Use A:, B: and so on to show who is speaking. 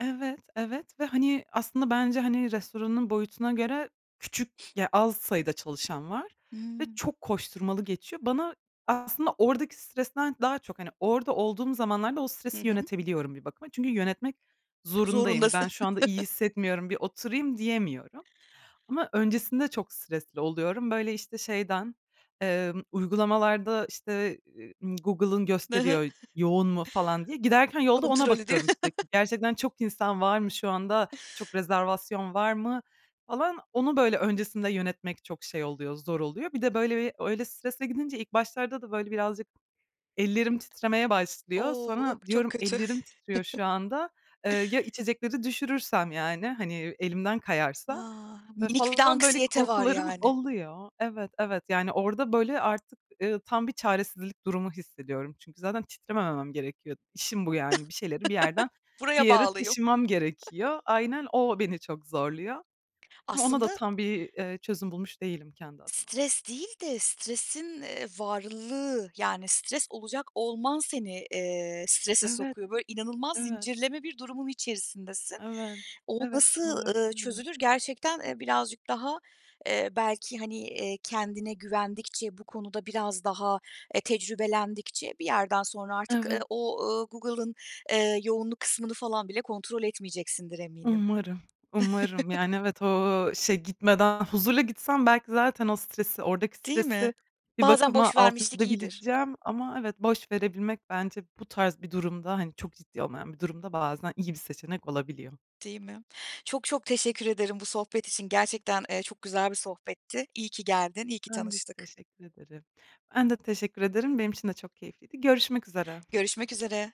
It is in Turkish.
A: Evet. Evet ve, hani, aslında bence, hani, restoranın boyutuna göre küçük. Ya, az sayıda çalışan var
B: I
A: ve
B: hı.
A: çok koşturmalı geçiyor. Bana aslında oradaki stresten daha çok Hani orada olduğum zamanlarda o
B: Hı
A: stresi
B: hı.
A: yönetebiliyorum bir bakıma. Çünkü yönetmek zorundayım.
B: Zorundas
A: Ben şu anda iyi hissetmiyorum, bir oturayım, diyemiyorum. Ama öncesinde çok stresli oluyorum. Böyle, işte, şeyden, emm, uygulamalarda, işte, ııı, Google'ın
B: I hı.
A: gösteriyor yoğun mu, falan diye. Giderken yolda ona
B: Kontrol ediyi
A: bakıyorum sürekli. Gerçekten çok insan var mı şu anda, çok rezervasyon var mı, falan. Onu, böyle, öncesinde yönetmek çok şey oluyor, zor oluyor. Bir de, böyle, bir öyle stresle gidince ilk başlarda da, böyle, birazcık ellerim titremeye
B: O,
A: başlıyor.
B: oh!
A: Sonra
B: Çok
A: diyorum,
B: kötü!
A: ellerim titriyor şu anda. Iıı, ya içecekleri düşürürsem, yani, hani, elimden kayarsa.
B: A,
A: Ve
B: minik bir de
A: falan, böyle,
B: anksiyete var,
A: korkularım
B: yani!
A: oluyor. Evet, evet. Yani, orada, böyle, artık, ııı, tam bir çaresizlik durumu hissediyorum. Çünkü zaten titrememem gerekiyor, işim bu, yani. Bir şeyleri bir yerden bir
B: Buraya
A: yere
B: bağlıyım.
A: taşımam gerekiyor. Aynen, o beni çok zorluyor. Ama ona
B: Aslında
A: da tam bir, eee, çözüm bulmuş değilim kendi adıma.
B: Stres değil de stresin, eee, varlığı yani stres olacak olman seni, eee, strese
A: Evet.
B: sokuyor. Böyle, inanılmaz
A: Evet.
B: zincirleme bir durumun içerisindesin.
A: Evet.
B: O
A: Evet, tam
B: nasıl,
A: olarak
B: ııı,
A: böyle.
B: çözülür gerçekten, eee, birazcık daha, eee, belki, hani, eee, kendine güvendikçe, bu konuda biraz daha e, tecrübelendikçe bir yerden sonra artık, ııı,
A: Evet.
B: o, ııı, Google'ın, eee, yoğunluk kısmını falan bile kontrol etmeyeceksindir, eminim.
A: Umarım, umarım, yani, evet, ooo, işe gitmeden, huzurla gitsem belki zaten o stresi, oradaki
B: Değil mi?
A: stresi bir
B: Bazen
A: bakıma
B: boş
A: alt
B: vermişlik iyidir.
A: edebileceğim. Ama evet, boşverebilmek bence bu tarz bir durumda, hani çok ciddi olmayan bir durumda. Bazen iyi bir seçenek olabiliyor.
B: Değil mi? Çok çok teşekkür ederim, bu sohbet için gerçekten, eee, çok güzel bir sohbetti. İyi ki geldin, iyi ki
A: Ben de
B: tanıştık.
A: teşekkür ederim Ben de teşekkür ederim. Benim için de çok keyifliydi. Görüşmek üzere.
B: Görüşmek üzere.